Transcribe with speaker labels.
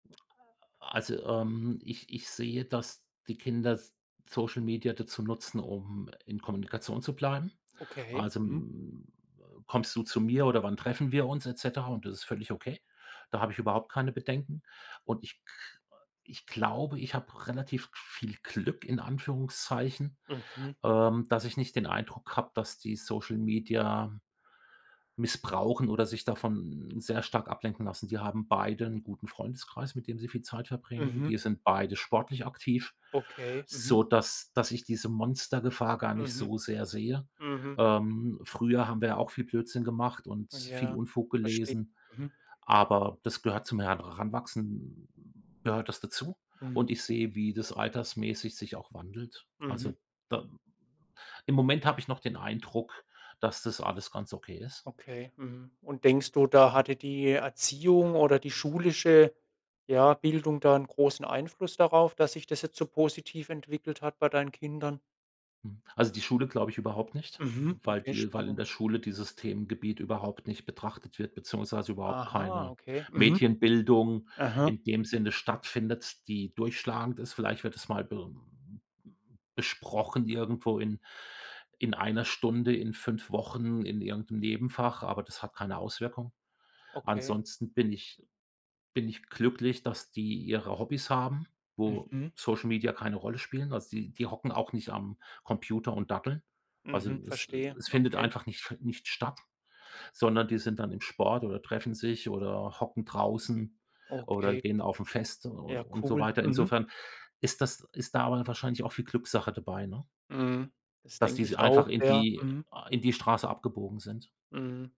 Speaker 1: Also, ähm, ich ich sehe, dass die Kinder S Social Media dazu nutzen, um in Kommunikation zu bleiben.
Speaker 2: Okay,
Speaker 1: Also,
Speaker 2: mhm.
Speaker 1: mm, äh: „Kommst du zu mir oder wann treffen wir uns“, et cetera? Und das ist völlig okay. Da habe ich überhaupt keine Bedenken. Und ich k ich glaube, ich habe relativ viel Glück in Anführungszeichen,
Speaker 2: Mhm.
Speaker 1: ähm, dass ich nicht den Eindruck habe, dass die Social Media missbrauchen oder sich davon sehr stark ablenken lassen. Die haben beide 'n guten Freundeskreis, mit dem sie viel Zeit verbringen.
Speaker 2: Mhm.
Speaker 1: Die sind beide sportlich aktiv,
Speaker 2: Okay, mhm.
Speaker 1: sodass dass ich diese Monstergefahr gar nicht
Speaker 2: Mhm.
Speaker 1: so sehr sehe.
Speaker 2: Mhm.
Speaker 1: Ähm, früher haben wir ja auch viel Blödsinn gemacht und viel
Speaker 2: Ja,
Speaker 1: Unfug
Speaker 2: verstehe,
Speaker 1: gelesen,
Speaker 2: mhm.
Speaker 1: aber das gehört zum Heranwachsen gehört das dazu.
Speaker 2: Mhm.
Speaker 1: Und ich sehe, wie das altersmäßig sich auch wandelt.
Speaker 2: Mhm.
Speaker 1: Also, da Im Moment habe ich noch den Eindruck, dass das alles ganz okay ist.
Speaker 2: Okay, mhm. Und denkst du, da hatte die Erziehung oder die schulische, ja, Bildung da 'n großen Einfluss darauf, dass sich das jetzt so positiv entwickelt hat bei deinen Kindern?
Speaker 1: Mhm. Also, die Schule glaube ich überhaupt nicht,
Speaker 2: Mhm,
Speaker 1: weil
Speaker 2: okay,
Speaker 1: die weil in
Speaker 2: spannend.
Speaker 1: der Schule dieses Themengebiet überhaupt nicht betrachtet wird beziehungsweise überhaupt
Speaker 2: Aha,
Speaker 1: keine
Speaker 2: okay. Mhm.
Speaker 1: Medienbildung
Speaker 2: Mhm.
Speaker 1: in dem Sinne stattfindet, die durchschlagend ist. Vielleicht wird es mal be besprochen irgendwo in in 1 Stunde, in 5 Wochen, in irgend 'nem Nebenfach, aber das hat keine Auswirkung.
Speaker 2: Okay.
Speaker 1: Ansonsten bin ich bin ich glücklich, dass die ihre Hobbys haben, wo
Speaker 2: Mhm.
Speaker 1: Social Media keine Rolle spielen. Also, die die hocken auch nicht am Computer und daddeln. Also, es
Speaker 2: Mhm,verstehe,
Speaker 1: es findet
Speaker 2: okay.
Speaker 1: einfach nicht fe nicht statt, sondern die sind dann im Sport oder treffen sich oder hocken draußen oder
Speaker 2: Okay.
Speaker 1: gehen auf 'n Fest u
Speaker 2: Ja,
Speaker 1: und so
Speaker 2: cool,
Speaker 1: weiter.
Speaker 2: mhm.
Speaker 1: Insofern ist das ist da aber wahrscheinlich auch viel Glückssache dabei, ne
Speaker 2: Mhm. Das
Speaker 1: dass die
Speaker 2: denke
Speaker 1: se äh,
Speaker 2: ich
Speaker 1: einfach
Speaker 2: auch,
Speaker 1: in
Speaker 2: ja,
Speaker 1: die
Speaker 2: mhm.
Speaker 1: in die Straße abgebogen sind.
Speaker 2: Mhm.